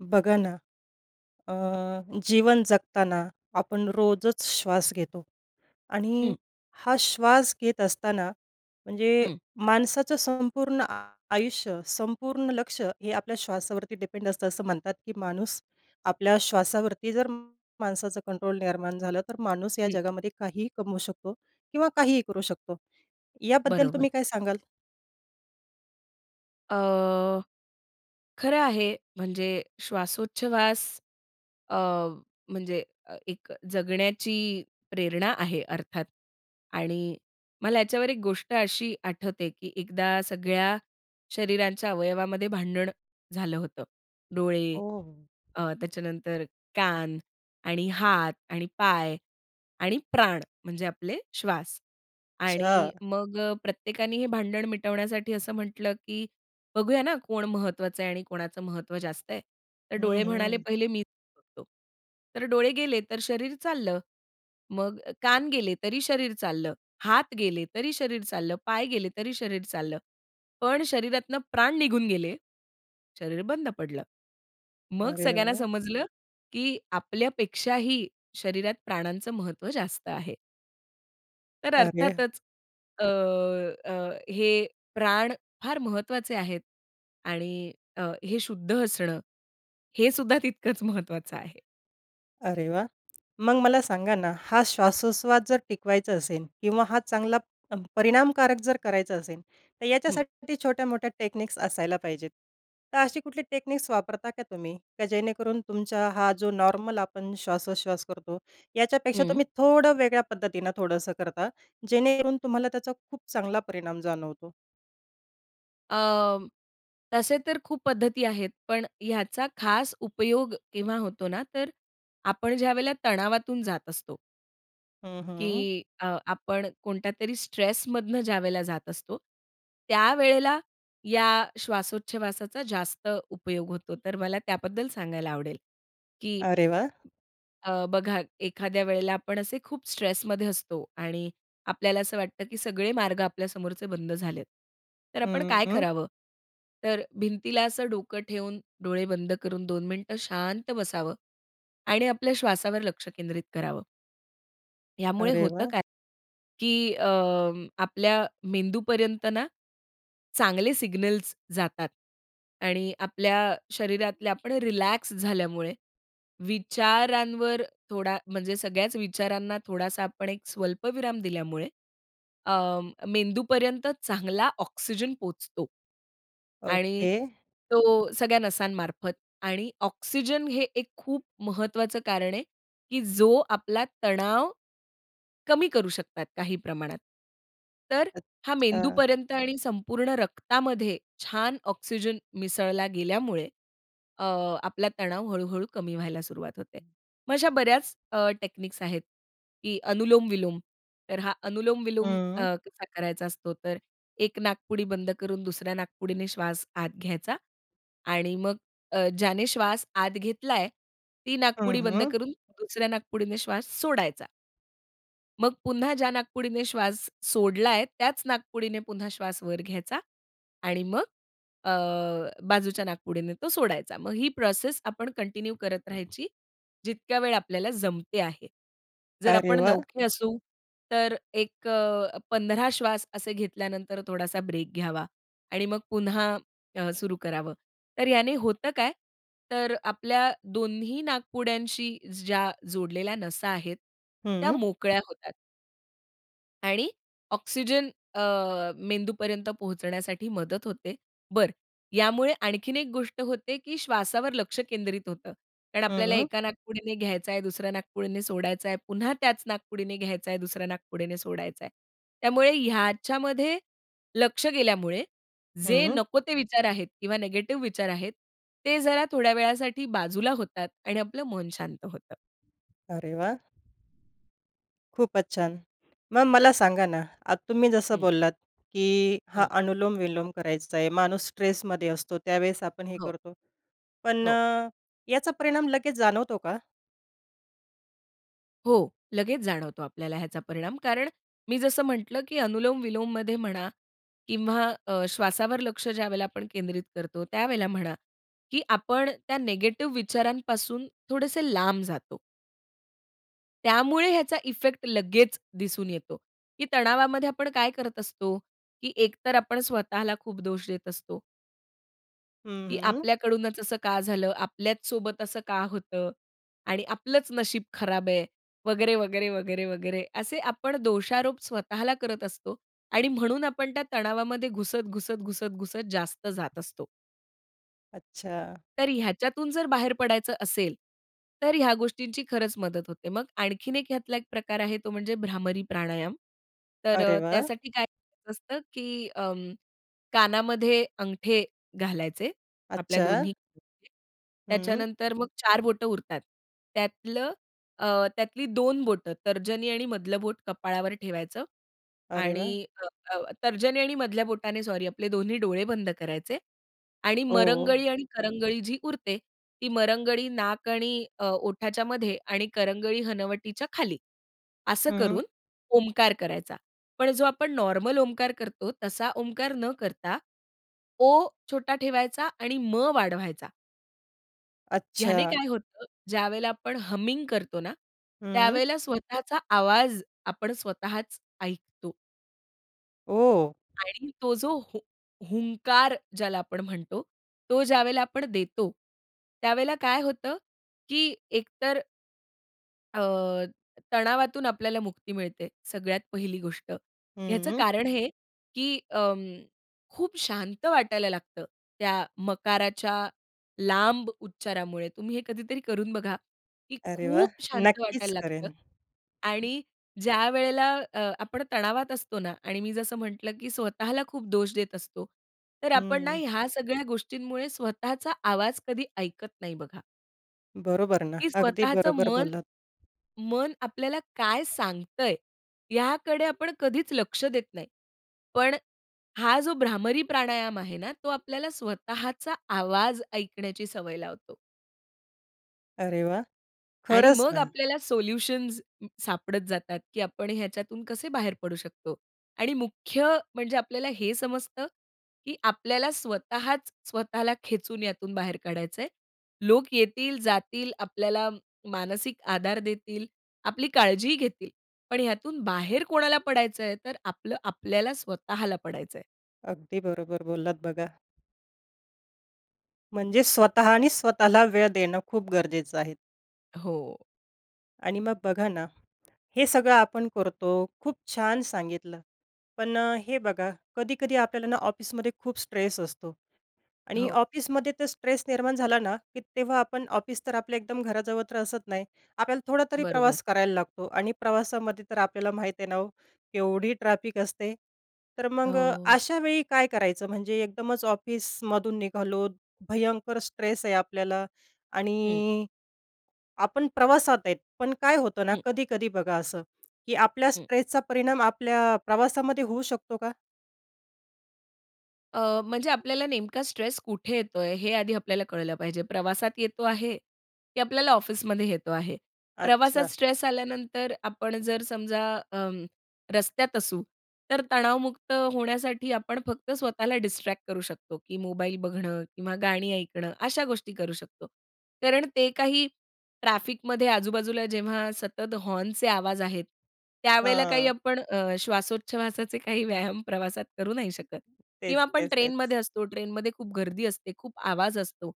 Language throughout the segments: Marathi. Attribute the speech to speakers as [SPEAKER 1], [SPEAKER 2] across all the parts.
[SPEAKER 1] बघा ना, अ, जीवन जगताना आपण रोजच श्वास घेतो आणि
[SPEAKER 2] हं.
[SPEAKER 1] हा श्वास घेत असताना म्हणजे
[SPEAKER 2] हं.
[SPEAKER 1] माणसाचं संपूर्ण आयुष्य संपूर्ण लक्ष हे आपल्या श्वासावरती डिपेंड असतं. असं म्हणतात, की माणूस आपल्या श्वासावरती जर माणसाचं कंट्रोल निर्माण झालं तर माणूस या
[SPEAKER 2] हं.
[SPEAKER 1] जगामध्ये काहीही कमवू शकतो किंवा काहीही करू शकतो. याबद्दल
[SPEAKER 2] बरोबर.
[SPEAKER 1] तुम्ही काय सांगाल?
[SPEAKER 2] अ, खरं आहे. म्हणजे श्वासोच्छवास अ, म्हणजे एक जगण्याची प्रेरणा आहे अर्थात आणि मला याच्यावर एक गोष्ट अशी आठवते, की एकदा सगळ्या शरीरांच्या अवयवामध्ये भांडण झालं होतं. डोळे
[SPEAKER 1] ओह!
[SPEAKER 2] अ, त्याच्यानंतर कान आणि हात आणि पाय आणि प्राण म्हणजे आपले श्वास.
[SPEAKER 1] अच्छा.
[SPEAKER 2] आणि मग प्रत्येकाने हे भांडण मिटवण्यासाठी असं म्हटलं, की बघूया ना कोण महत्त्वाचं आहे आणि कोणाचं महत्त्व जास्त आहे. तर
[SPEAKER 1] हं,
[SPEAKER 2] डोळे म्हणाले
[SPEAKER 1] हं.
[SPEAKER 2] पहिले मीच बघतो. तर डोळे गेले तर शरीर चाललं. मग कान गेले तरी शरीर चाललं. हात गेले तरी शरीर चाललं. पाय गेले तरी शरीर चाललं. पण शरीरातनं प्राण निघून गेले, शरीर बंद पडलं. मग
[SPEAKER 1] अरे
[SPEAKER 2] सगळ्यांना
[SPEAKER 1] वाह!
[SPEAKER 2] समजलं, की आपल्यापेक्षाही शरीरात प्राणांचं महत्त्व जास्त आहे. तर
[SPEAKER 1] अरे!
[SPEAKER 2] अर्थातच अ, अ, हे प्राण फार महत्त्वाचे आहेत आणि अ, हे शुद्ध असणं हे सुद्धा तितकंच महत्वाचं आहे.
[SPEAKER 1] अरे वाह! मग मला सांगा ना, हा श्वासोच्छ्वास जर टिकवायचा असेल किंवा हा चांगला परिणामकारक जर करायचा असेल. तर
[SPEAKER 2] हं.
[SPEAKER 1] याच्यासाठी छोट्यामोठ्या टेक्निक्स असायला पाहिजेत. तर अशी कुठली टेक्निक्स वापरता का, तुम्ही? की जेणेकरून तुमचा हा जो नॉर्मल आपण श्वासोच्छ्वास करतो याच्यापेक्षा
[SPEAKER 2] हं.
[SPEAKER 1] तुम्ही थोडं वेगळ्या पद्धतीने थोडंसं करता, जेणेकरून तुम्हाला त्याचा खूप चांगला परिणाम जाणवतो?
[SPEAKER 2] अं, तसे तर खूप पद्धती आहेत, पण ह्याचा खास उपयोग केव्हा होतो ना, तर आपण ज्यावेळेला तणावातून जात असतो.
[SPEAKER 1] हं, हं.
[SPEAKER 2] की अ, आपण कोणत्यातरी स्ट्रेस मधनं ज्यावेळेला जात असतो. त्यावेळेला या श्वासोच्छवासाचा जास्त उपयोग होतो. तर मला त्याबद्दल सांगायला आवडेल, की
[SPEAKER 1] अरे वाह!
[SPEAKER 2] अ, बघा एखाद्या वेळेला आपण असे खूप स्ट्रेसमध्ये असतो आणि आपल्याला असं वाटतं, की सगळे मार्ग आपल्या समोरचे बंद झालेत. तर आपण
[SPEAKER 1] हं,
[SPEAKER 2] काय
[SPEAKER 1] हं.
[SPEAKER 2] करावं? तर भिंतीला असं डोकं ठेवून डोळे बंद करून 2 मिनिटं शांत बसावं आणि आपल्या श्वासावर लक्ष केंद्रित करावं. यामुळे
[SPEAKER 1] अरे
[SPEAKER 2] होतं
[SPEAKER 1] वाह!
[SPEAKER 2] काय, की अ, आपल्या मेंदूपर्यंत ना, चांगले सिग्नल्स जातात आणि आपल्या शरीरातले आपण रिलॅक्स झाल्यामुळे, विचारांवर थोडा म्हणजे सगळ्याच विचारांना थोडासा आपण एक स्वल्पविराम दिल्यामुळे अं, मेंदूपर्यंत चांगला ऑक्सिजन पोहोचतो आणि
[SPEAKER 1] ओके.
[SPEAKER 2] तो सगळ्या नसांमार्फत आणि ऑक्सिजन हे एक खूप महत्त्वाचं कारण आहे, की जो आपला तणाव, कमी करू शकतात काही प्रमाणात. तर हा
[SPEAKER 1] अच्छा.
[SPEAKER 2] मेंदूपर्यंत आणि संपूर्ण रक्तामध्ये छान ऑक्सिजन मिसळला गेल्यामुळे, अ, आपला तणाव हळू-हळू कमी व्हायला सुरुवात होते. मग अशा बऱ्याच अ, टेक्निक्स आहेत, की अनुलोम-विलोम तर हा अनुलोम-विलोम अ,
[SPEAKER 1] हं.
[SPEAKER 2] कसा करायचा असतो तर एक नाकपुडी बंद करून दुसऱ्या नाकपुडीने श्वास आत घ्यायचा आणि मग अ, ज्याने श्वास आत घेतलाय, ती
[SPEAKER 1] हं,
[SPEAKER 2] नाकपुडी बंद
[SPEAKER 1] हं.
[SPEAKER 2] करून दुसऱ्या नाकपुडीने श्वास सोडायचा. मग पुन्हा ज्या नाकपुडीने श्वास सोडलाय त्याच नाकपुडीने पुन्हा श्वास वर घ्यायचा आणि मग अ, बाजूच्या नाकपुडीने तो सोडायचा. मग ही प्रोसेस आपण कंटिन्यू करत राहायची जितक्या वेळ आपल्याला जमते आहे. जर
[SPEAKER 1] अरे
[SPEAKER 2] आपण
[SPEAKER 1] वाह!
[SPEAKER 2] नवखे असू तर अ, एक 15 श्वास असे घेतल्यानंतर थोडासा ब्रेक घ्यावा आणि मग पुन्हा अ, सुरु करावं. तर याने होतं काय? तर आपल्या दोन्ही नाकपुड्यांशी ज्या जोडलेल्या नसा आहेत, त्या
[SPEAKER 1] हं.
[SPEAKER 2] मोकळ्या होतात. आणि ऑक्सिजन अ, मेंदूपर्यंत पोहोचण्यासाठी मदत होते. बरं, यामुळे आणखीन एक गोष्ट होते, की श्वासावर लक्ष केंद्रित होतं. कारण
[SPEAKER 1] हं,
[SPEAKER 2] आपल्याला
[SPEAKER 1] हं.
[SPEAKER 2] एका नाकपुडीने घ्यायचा आहे, दुसऱ्या नाकपुडीने सोडायचा आहे, पुन्हा त्याच नाकपुडीने घ्यायचा आहे, दुसऱ्या नाकपुडीने सोडायचा आहे. त्यामुळे ह्याच्यामध्ये लक्ष गेल्यामुळे जे
[SPEAKER 1] हं.
[SPEAKER 2] नको ते विचार आहेत किंवा निगेटिव्ह विचार आहेत ते जरा थोड्या वेळासाठी बाजूला होतात आणि आपलं मन शांत होतं.
[SPEAKER 1] अरे वाह! खूपच छान. मग मला सांगा ना, आता तुम्ही जसं
[SPEAKER 2] हं.
[SPEAKER 1] बोललात की हा
[SPEAKER 2] हं.
[SPEAKER 1] अनुलोम-विलोम करायचा आहे माणूस स्ट्रेसमध्ये असतो, त्यावेळेस आपण हे
[SPEAKER 2] हो.
[SPEAKER 1] करतो, पण
[SPEAKER 2] हो.
[SPEAKER 1] याचा परिणाम लगेच जाणवतो का?
[SPEAKER 2] हो, लगेच जाणवतो आपल्याला ह्याचा परिणाम, कारण मी जसं म्हटलं की अनुलोम-विलोममध्ये म्हणा किंवा अ, श्वासावर लक्ष ज्यावेळेला आपण केंद्रित करतो, त्यावेळेला म्हणा की आपण त्या निगेटिव्ह विचारांपासून थोडेसे लांब जातो. त्यामुळे याचा इफेक्ट लगेच दिसून येतो, की तणावामध्ये आपण काय करत असतो? की एकतर आपण स्वतःला खूप दोष देत असतो
[SPEAKER 1] हं,
[SPEAKER 2] की
[SPEAKER 1] हं.
[SPEAKER 2] आपल्याकडूनच असं का झालं, आपल्याच सोबत असं का होतं आणि आपलंच नशीब खराब आहे, वगैरे, वगैरे, वगैरे, वगैरे, असे आपण दोषारोप स्वतःला करत असतो आणि म्हणून आपण त्या तणावामध्ये घुसत, घुसत, घुसत, घुसत जास्त जात असतो.
[SPEAKER 1] अच्छा!
[SPEAKER 2] तर ह्याच्यातून जर बाहेर पडायचं असेल, तर ह्या गोष्टींची खरंच मदत होते. मग आणखीन एक ह्यातला एक प्रकार आहे, तो म्हणजे भ्रामरी प्राणायाम. तर
[SPEAKER 1] अरे
[SPEAKER 2] अ,
[SPEAKER 1] वाह!
[SPEAKER 2] त्यासाठी काय करायचं असतं, की अं, कानामध्ये अंगठे घालायचे आपल्या
[SPEAKER 1] अच्छा!
[SPEAKER 2] दोन्ही [unintelligible]
[SPEAKER 1] हं.
[SPEAKER 2] त्याच्यानंतर मग 4 बोटं उरतात. त्यातलं अ, त्यातली 2 बोटं, तर्जनी आणि मधलं बोट कपाळावर ठेवायचं
[SPEAKER 1] अरे वाह!
[SPEAKER 2] आणि त त तर्जनी आणि मधल्या बोटाने, सॉरी, आपले दोन्ही डोळे बंद करायचे आणि
[SPEAKER 1] ओह!
[SPEAKER 2] मरंगळी आणि करंगळी जी उरते, ती मरंगळी नाक आणि अ, ओठच्यामध्ये आणि करंगळी हनवटीच्या खाली, असं
[SPEAKER 1] हं.
[SPEAKER 2] करून ओमकार करायचा. पण जो आपण नॉर्मल ओमकार करतो, तसा ओमकार न करता, ओ छोटा ठेवायचा आणि म वाढवायचा. ह्याने
[SPEAKER 1] अच्छा.
[SPEAKER 2] काय होतं, ज्यावेळेला आपण हमिंग करतो ना,
[SPEAKER 1] हं.
[SPEAKER 2] त्यावेळेला स्वतःचा आवाज आपण स्वतःच ऐकतो.
[SPEAKER 1] ओह!
[SPEAKER 2] आणि तो जो हुं हुंकार ज्याला आपण म्हणतो, तो ज्यावेळेला आपण देतो, त्यावेळेला काय होतं की एकतर अ, तणावातून आपल्याला मुक्ती मिळते सगळ्यात पहिली गोष्ट. ह्याचं
[SPEAKER 1] हं.
[SPEAKER 2] कारण हे, की अं, खूप शांत वाटायला लागतं त्या मकाराच्या लांब उच्चारामुळे. तुम्ही हे कधीतरी करून बघा, की
[SPEAKER 1] अरे वाह!
[SPEAKER 2] खूप शांत वाटायला
[SPEAKER 1] नक्कीच
[SPEAKER 2] लागतं
[SPEAKER 1] करेन.
[SPEAKER 2] आणि ज्यावेळेला अ, आपण तणावात असतो ना आणि मी जसं म्हटलं की स्वतःला खूप दोष देत असतो, तर आपण ना
[SPEAKER 1] हं.
[SPEAKER 2] ह्या सगळ्या गोष्टींमुळे स्वतःचा आवाज कधी ऐकत नाही बघा.
[SPEAKER 1] बरोबर ना,
[SPEAKER 2] की
[SPEAKER 1] अगदी
[SPEAKER 2] स्वतःचं
[SPEAKER 1] बरोबर
[SPEAKER 2] मन,
[SPEAKER 1] बोललात.
[SPEAKER 2] मन आपल्याला काय सांगतंय, याकडे आपण कधीच लक्ष देत नाही. पण हा जो भ्रामरी प्राणायाम आहे ना, तो आपल्याला स्वतःचा आवाज ऐकण्याची सवय लावतो.
[SPEAKER 1] अरे वाह!
[SPEAKER 2] आणि
[SPEAKER 1] खरंच
[SPEAKER 2] मग
[SPEAKER 1] ना.
[SPEAKER 2] आपल्याला सोल्युशन्स सापडत जातात, की आपण ह्याच्यातून कसे बाहेर पडू शकतो आणि मुख्य म्हणजे आपल्याला हे समजतं, की आपल्याला स्वतःच स्वतःला खेचून यातून बाहेर काढायचं आहे. लोकं येतील, जातील. आपल्याला मानसिक आधार देतील, आपली काळजीही घेतील. पण यातून बाहेर कोणाला पडायचं आहे. तर आपलं आपल्याला स्वतःला पडायचंय.
[SPEAKER 1] अगदी बरोबर बोललात बघा. म्हणजे स्वतःनी स्वतःला वेळ देणं खूप गरजेचं आहे.
[SPEAKER 2] हो.
[SPEAKER 1] आणि मग बघा ना, हे सगळं आपण करतो. खूप छान सांगितलं. पण हे बघा कधी-कधी आपल्याला ना ऑफिसमध्ये खूप स्ट्रेस असतो आणि
[SPEAKER 2] हो.
[SPEAKER 1] ऑफिसमध्ये तर स्ट्रेस निर्माण झाला ना, की तेव्हा आपण ऑफिस तर आपलं एकदम घराजवळ तर असत नाही. आपल्याला थोडा तरी
[SPEAKER 2] बरोबर.
[SPEAKER 1] प्रवास करायला लागतो आणि प्रवासामध्ये तर आपल्याला माहीत आहे ना हो, केवढी ट्रॅफिक असते. तर मग
[SPEAKER 2] हो.
[SPEAKER 1] अशावेळी काय करायचं? म्हणजे एकदमच ऑफिसमधून निघालो भयंकर स्ट्रेस आहे आपल्याला
[SPEAKER 2] हं.
[SPEAKER 1] आणि आपण प्रवासात आहेत. पण काय होतं ना
[SPEAKER 2] हं.
[SPEAKER 1] कधी-कधी बघा असं की आपल्या
[SPEAKER 2] हं.
[SPEAKER 1] स्ट्रेसचा परिणाम आपल्या प्रवासामध्ये होऊ शकतो का?
[SPEAKER 2] अ, म्हणजे आपल्याला नेमका स्ट्रेस कुठे येतो आहे, हे आधी आपल्याला कळलं पाहिजे. प्रवासात येतो आहे, की आपल्याला ऑफिसमध्ये येतो आहे. प्रवासात
[SPEAKER 1] अच्छा.
[SPEAKER 2] स्ट्रेस आल्यानंतर आपण जर समजा अ, रस्त्यात असू, तर तणावमुक्त होण्यासाठी आपण फक्त स्वतःला डिस्ट्रॅक्ट करू शकतो, की मोबाईल बघणं किंवा गाणी ऐकणं अशा गोष्टी करू शकतो. कारण ते काही ट्रॅफिकमध्ये आजूबाजूला, जेव्हा सतत हॉर्नचे आवाज आहेत त्यावेळेला काही
[SPEAKER 1] हां.
[SPEAKER 2] आपण अ, श्वासोच्छवासाचे काही व्यायाम प्रवासात करू नाही शकत. किंवा
[SPEAKER 1] तेच,
[SPEAKER 2] आपण
[SPEAKER 1] तेच, तेच.
[SPEAKER 2] ट्रेनमध्ये असतो ट्रेनमध्ये खूप गर्दी असते, खूप आवाज असतो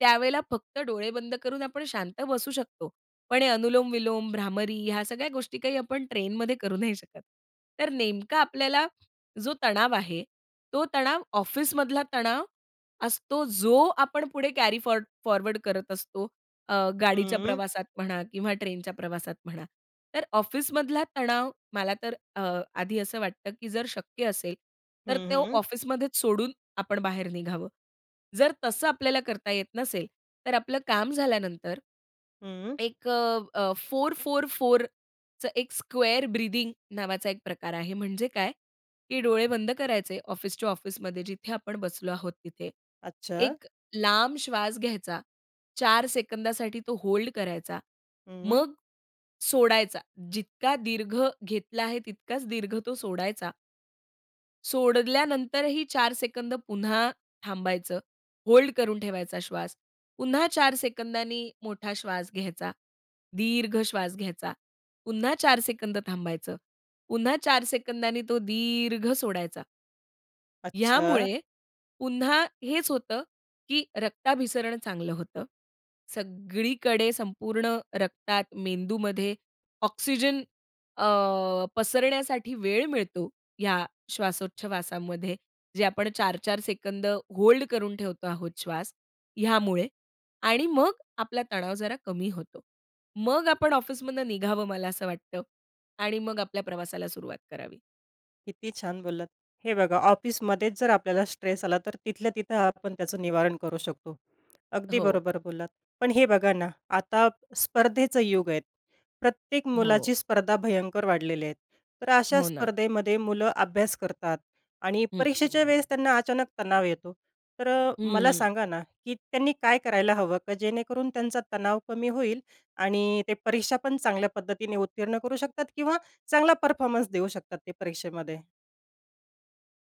[SPEAKER 2] त्यावेळेला फक्त डोळे बंद करून आपण शांत बसू शकतो, पण हे अनुलोम विलोम, भ्रामरी ह्या सगळ्या गोष्टी काही आपण ट्रेनमध्ये करू नाही शकत. तर नेमका आपल्याला जो तणाव आहे, तो तणाव ऑफिसमधला तणाव असतो, जो आपण पुढे कॅरी फॉर फॉरवर्ड करत असतो. अ, गाडीच्या
[SPEAKER 1] हं.
[SPEAKER 2] प्रवासात म्हणा किंवा ट्रेनच्या प्रवासात म्हणा. तर ऑफिसमधला तणाव मला तर अ, आधी असं वाटतं, की जर शक्य असेल
[SPEAKER 1] हं,
[SPEAKER 2] तर तो
[SPEAKER 1] हं.
[SPEAKER 2] ऑफिसमध्येच सोडून आपण बाहेर निघावं. जर तसं आपल्याला करता येत नसेल तर आपलं काम झाल्यानंतर
[SPEAKER 1] हं.
[SPEAKER 2] एक अ, 4, 4, 4चं एक स्क्वेअर ब्रीथिंग नावाचा एक प्रकार आहे. म्हणजे काय की डोळे बंद करायचे, ऑफिस टू ऑफिसमध्ये जिथे आपण बसलो आहोत तिथे.
[SPEAKER 1] अच्छा.
[SPEAKER 2] एक लांब श्वास घ्यायचा, 4 सेकंदासाठी तो होल्ड करायचा,
[SPEAKER 1] हं.
[SPEAKER 2] मग सोडायचा, जितका दीर्घ घेतला आहे तितकाच दीर्घ तो सोडायचा. सोडल्यानंतरही 4 सेकंद पुन्हा थांबायचं, होल्ड करून ठेवायचा श्वास. पुन्हा 4 सेकंदांनी मोठा श्वास घ्यायचा, दीर्घ श्वास घ्यायचा. पुन्हा 4 सेकंद थांबायचं. पुन्हा 4 सेकंदांनी तो दीर्घ सोडायचा.
[SPEAKER 1] अच्छा.
[SPEAKER 2] ह्यामुळे पुन्हा हेच होतं, की रक्ताभिसरण चांगलं होतं. सगळीकडे संपूर्ण रक्तात, मेंदूमध्ये ऑक्सिजन अ, पसरण्यासाठी वेळ मिळतो. ह्या श्वासोच्छवासामध्ये, जे आपण 4-4 सेकंद होल्ड करून ठेवतो आहोत श्वास, ह्यामुळे आणि मग आपला तणाव जरा कमी होतो. मग आपण ऑफिसमधनं निघावं, मला असं वाटतं. आणि मग आपल्या प्रवासाला सुरुवात करावी.
[SPEAKER 1] किती छान बोललात. हे बघा, ऑफिसमध्येच जर आपल्याला स्ट्रेस आला, तर तिथल्या तिथं आपण त्याचं निवारण करू शकतो, अगदी
[SPEAKER 2] हो.
[SPEAKER 1] बरोबर बोललात. पण हे बघा ना, आता स्पर्धेचं युग आहे, प्रत्येक
[SPEAKER 2] हो.
[SPEAKER 1] मुलाची स्पर्धा भयंकर वाढलेली आहे. तर अशा
[SPEAKER 2] हो ना.
[SPEAKER 1] स्पर्धेमध्ये मुलं अभ्यास करतात आणि
[SPEAKER 2] हं.
[SPEAKER 1] परीक्षेच्या वेळेस त्यांना अचानक तणाव येतो. तर अ,
[SPEAKER 2] हं,
[SPEAKER 1] मला
[SPEAKER 2] हं.
[SPEAKER 1] सांगा ना, की त्यांनी काय करायला हवं? का, जेणेकरून त्यांचा तणाव कमी होईल आणि ते परीक्षा पण चांगल्या पद्धतीने उत्तीर्ण करू शकतात किंवा चांगला परफॉर्मन्स देऊ शकतात ते परीक्षेमध्ये?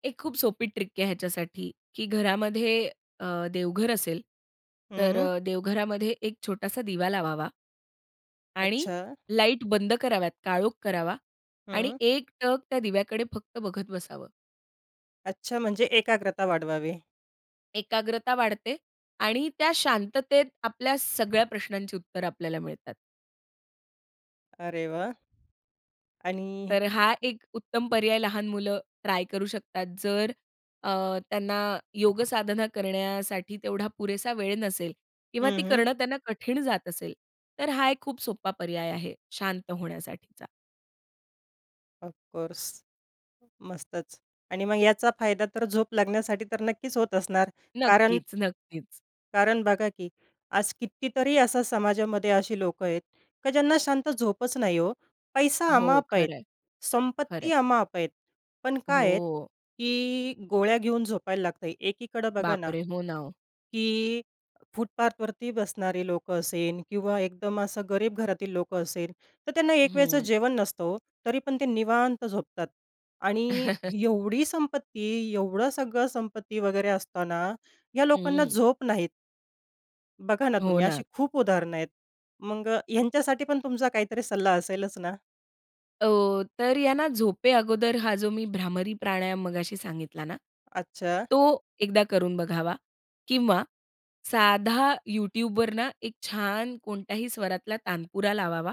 [SPEAKER 2] एक खूप सोपी ट्रिक आहे ह्याच्यासाठी, की घरामध्ये अ, देवघर असेल. तर
[SPEAKER 1] हं.
[SPEAKER 2] देवघरामध्ये एक छोटासा दिवा लावावा आणि
[SPEAKER 1] अच्छा.
[SPEAKER 2] लाईट बंद कराव्यात काळोख करावा आणि
[SPEAKER 1] हं.
[SPEAKER 2] एकटक त्या दिव्याकडे फक्त बघत बसावं.
[SPEAKER 1] अच्छा, म्हणजे एकाग्रता वाढवावी.
[SPEAKER 2] एकाग्रता वाढते आणि त्या शांततेत आपल्या सगळ्या प्रश्नांची उत्तरं आपल्याला मिळतात.
[SPEAKER 1] अरे वाह! आणि
[SPEAKER 2] तर हा एक उत्तम पर्याय लहान मुलं ट्राय करू शकतात, जर अ, त्यांना योगसाधना करण्यासाठी तेवढा पुरेसा वेळ नसेल किंवा
[SPEAKER 1] हं,
[SPEAKER 2] ती
[SPEAKER 1] हं.
[SPEAKER 2] करणं त्यांना कठीण जात असेल तर हा एक खूप सोप्पा पर्याय आहे, शांत होण्यासाठीचा.
[SPEAKER 1] ऑफकोर्स, मस्तचं! आणि मग याचा फायदा तर झोप लागण्यासाठी तर नक्कीच होत असणार कारण
[SPEAKER 2] नक्कीच, नक्कीच.
[SPEAKER 1] कारण बघा, की आज कितीतरी असा समाजामध्ये असी लोकं आहेत, की ज्यांना शांत झोपच नाही हो. पैसा
[SPEAKER 2] हो,
[SPEAKER 1] अमाआप आहे,
[SPEAKER 2] खरं आहे, खरं
[SPEAKER 1] संपत्ती
[SPEAKER 2] आहे.
[SPEAKER 1] अमाआप आहे, पण काय आहेत,
[SPEAKER 2] हो.
[SPEAKER 1] की गोळ्या घेऊन झोपायला लागत. एकीकडे बघा ना,
[SPEAKER 2] बापरे! हो ना, ओ.
[SPEAKER 1] की फुटपाथवरती बसणारे लोकं असेल किंवा एकदम असं गरीब घरातील लोकं असेल तर त्यांना एक वेळचं
[SPEAKER 2] हं.
[SPEAKER 1] जेवण नसतं हो. तरी पण ते निवांत झोपतात आणि एवढी संपत्ती, एवढं सगळं संपत्ती वगैरे असताना, ह्या लोकांना
[SPEAKER 2] हं.
[SPEAKER 1] झोप नाही. बघा ना,
[SPEAKER 2] हो
[SPEAKER 1] तुम्ही
[SPEAKER 2] ना.
[SPEAKER 1] अशी खूप उदाहरणं आहेत. मग अ, ह्यांच्यासाठी पण तुमचा काहीतरी सल्ला असेलच ना?
[SPEAKER 2] हो. तर यांना झोपे अगोदर हा जो मी भ्रामरी प्राणायाम मघाशी सांगितला ना,
[SPEAKER 1] अच्छा.
[SPEAKER 2] तो एकदा करून बघावा किंवा साधा YouTubeवर ना, एक छान कोणत्याही स्वरातला तानपुरा लावावा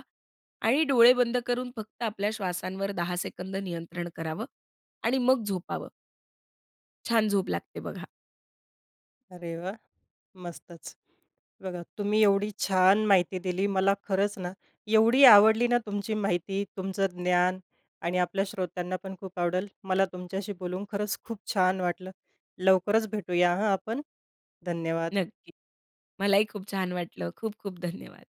[SPEAKER 2] आणि डोळे बंद करून फक्त आपल्या श्वासांवर 10 सेकंद नियंत्रण करावं आणि मग झोपावं. छान झोप लागते बघा.
[SPEAKER 1] अरे वाह! मस्तचं. बघा, तुम्ही एवढी छान माहिती दिली मला खरंच ना, एवढी आवडली ना, तुमची माहिती तुमचं ज्ञान आणि आपल्या श्रोत्यांना पण खूप आवडल. मला तुमच्याशी बोलून खरंच खूप छान वाटलं. लवकरच भेटूया हं, आपण, धन्यवाद.
[SPEAKER 2] नक्की. मलाही खूप छान वाटलं. खूप-खूप धन्यवाद.